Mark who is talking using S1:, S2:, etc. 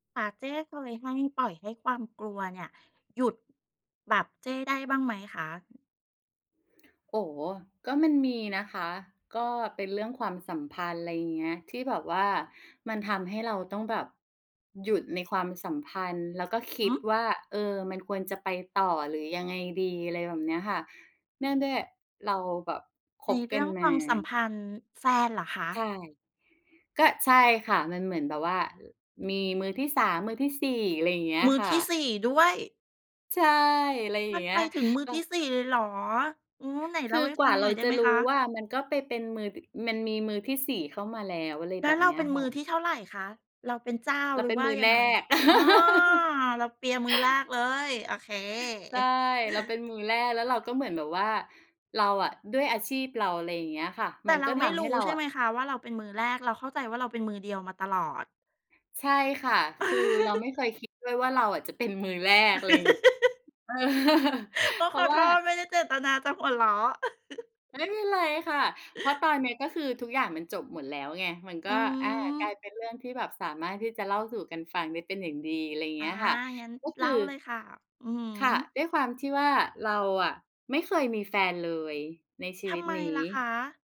S1: ค่ะ เจ้เคยให้ ปล่อยให้ความกลัวเนี่ย หยุด แบบเจ้ได้บ้างไหมคะ?
S2: โอ้โฮ ก็มันมีนะคะ ก็เป็นเรื่องความสัมพันธ์ อะไรอย่างเงี้ย ที่แบบว่ามันทำให้เราต้องแบบหยุดในความสัมพันธ์ แล้วก็คิ
S1: หื
S2: ด
S1: อ
S2: ว่า เออ "มันควรจะไปต่อ หรือยังไงดี?" อะไรแบบเนี้ยค่ะ เนื่องด้วยเราแบบค
S1: ใน
S2: บ
S1: เ
S2: ก
S1: ร
S2: ั
S1: ื
S2: น
S1: ่อง
S2: ม
S1: ความสัม
S2: า
S1: พันธ์ แฟนเหรอคะ?
S2: ใช่ ก็ ใช่ค่ะ มันเหมือนแบบว่า ล มีมือที่ 3 มือที่ 4 อะไรอย่างเงี้ย
S1: มือ
S2: ค่
S1: ที่
S2: ะ
S1: 4 ด้วย
S2: ใช่ อะไรอย่
S1: ม
S2: า
S1: ั
S2: ง
S1: น
S2: เงี
S1: ไป
S2: ้ย
S1: ถึงมือ
S2: ก็
S1: ที่ 4 เลยเหรอ อืม ไหนเ
S2: ค
S1: ล่า
S2: ือ
S1: ให้
S2: ก
S1: ฟ
S2: ว
S1: ั
S2: ่า
S1: งห
S2: เ
S1: น
S2: ร
S1: ่อ
S2: า
S1: ยได้
S2: จะ
S1: ไหม
S2: ร
S1: ค
S2: ู้
S1: ะ?
S2: ว่า มันก็ไปเป็นมือ อ มันมีมือที่ 4 เข้ามาแล้ว อะไร
S1: แล้
S2: แบ
S1: ว
S2: บ
S1: เรา
S2: เนี้
S1: เ
S2: ย
S1: ป็น
S2: ค
S1: ม
S2: ่
S1: ือ
S2: ะ
S1: ที่เท่าไรคะ เราเป็นเจ้า
S2: เรา
S1: หรื
S2: เ
S1: อ
S2: ป็น
S1: ว่า
S2: มือ
S1: ยั
S2: แ
S1: ง
S2: ร
S1: ไง?
S2: ก
S1: อ้อ เราเปียมือแรกเลย โอเค
S2: ใช่ เราเป็น มือแรก แล้วเราก็เหมือนแบบว่า เราอะ ด้วยอาชีพเรา อะไรอย่างเงี้ยค่ะ
S1: แต
S2: มั
S1: ่
S2: น
S1: เ
S2: ก
S1: รา
S2: ็ท
S1: ไม่
S2: ำ
S1: ร
S2: ให้
S1: ู้
S2: เรา
S1: ใช่
S2: อ
S1: ไห
S2: ะ
S1: มคะว่าเราเป็นมือแรก? เราเข้าใจว่าเราเป็นมือเดียวมาตลอด
S2: ใช่ค่ะ คือเราไม่เคยคิดด้วยว่าเราอะ จะเป็นมือแรก อะไรงี้ เออ
S1: โอ้
S2: เพร
S1: ข
S2: าะ
S1: อ
S2: ว
S1: โท
S2: ่า
S1: ษไม่ได้เจตนาจะหัวเราะ
S2: ไม่เป็นไรค่ะ เพราะตอนเนี้ยก็คือทุกอย่างมันจบหมดแล้วไง มันก
S1: อ
S2: ็
S1: ื
S2: อา กลา
S1: ม
S2: ยเป็นเรื่องที่แบบสามารถที่จะเล่าสู่กันฟังได้เป็นอย่างดี อะไรอย่าง
S1: อ
S2: เง
S1: า
S2: ี้ยค่ะ
S1: งั้น
S2: ก็
S1: เ
S2: ค
S1: ล่
S2: ือ
S1: าเลยค่ะ อือฮ
S2: ค่ะ
S1: ึ
S2: ด้วยความที่ว่าเราอะไม่เคยมีแฟนเลยในชี
S1: ท
S2: วิ
S1: ำ
S2: ต
S1: ไม
S2: นี้
S1: ล่ะคะ?